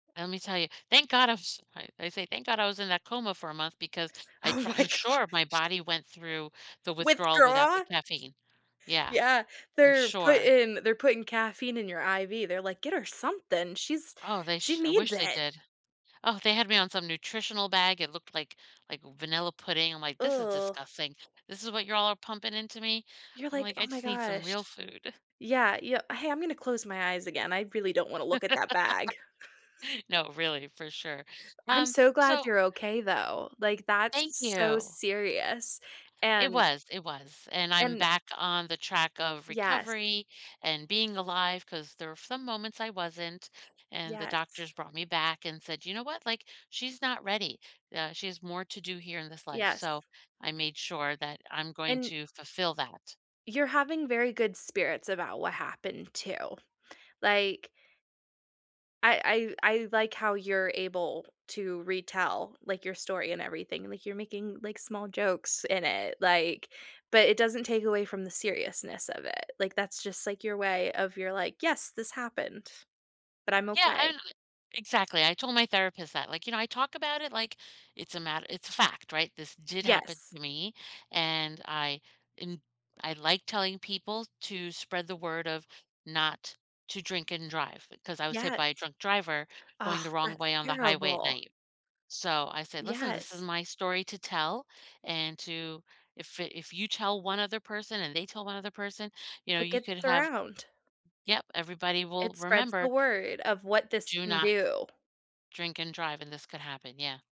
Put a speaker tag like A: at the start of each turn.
A: Lemme tell you, thank god I was I I say thank god I was in that coma for a month because I
B: Oh
A: pr
B: my
A: I'm
B: gosh.
A: sure my body went through the withdrawal without the
B: Withdraw?
A: caffeine. Yeah,
B: Yeah,
A: I'm
B: they're
A: sure.
B: putting they're putting caffeine in your IV, they're like, "Get her something, she's
A: Oh, they
B: she
A: sh I
B: needs
A: wish they
B: it."
A: did. Oh, they had me on some nutritional bag. It looked like like vanilla pudding, I'm like, "This is disgusting. This is what you're all pumping into me?"
B: You're,
A: I'm
B: like,
A: like, "I
B: "Oh my
A: just need some
B: gosh."
A: real food."
B: Yeah, yeah.
A: Uh
B: "Hey, I'm gonna close my eyes again, I really don't wanna look at that bag."
A: No, really, for sure,
B: I'm
A: um,
B: so glad
A: so
B: you're okay though, like
A: Thank
B: that's so
A: you.
B: serious
A: It
B: and
A: was, it was, and I'm
B: And
A: back on the track of
B: Yes.
A: recovery and being alive 'cause there were some moments I wasn't, and the
B: Yes.
A: doctors brought me back and said, "You know what? Like, she's not ready, uh she has more to do here in this life,"
B: Yes.
A: so I made sure that I'm going
B: An
A: to fulfill that.
B: You're having very good spirits about what happened, too, like I I I like how you're able to retell, like, your story and everything, like you're making, like, small jokes in it, like but it doesn't take away from the seriousness of it, like, that's just, like, your way of you're like, "Yes, this happened, but I'm
A: Yeah,
B: okay."
A: and exactly, I told my therapist that, like, "You know, I talk about it like it's a mat" it's a fact, right? This did happen
B: Yes.
A: to me, and I am I like telling people to spread the word of not to drink and drive 'cause I was hit
B: Yes.
A: by a drunk driver
B: Aw,
A: going the wrong
B: that's
A: way on the highway at
B: terrible.
A: night. So, I said, "Listen, this is
B: Yes.
A: my story to tell, and to if if you tell one other person and they tell one other person, you know,
B: It
A: you
B: gets
A: could have"
B: around.
A: Yep, everybody
B: It
A: will
B: spreads the
A: remember
B: word of what this
A: do
B: can
A: not
B: do.
A: drink and drive, and this could happen, yeah.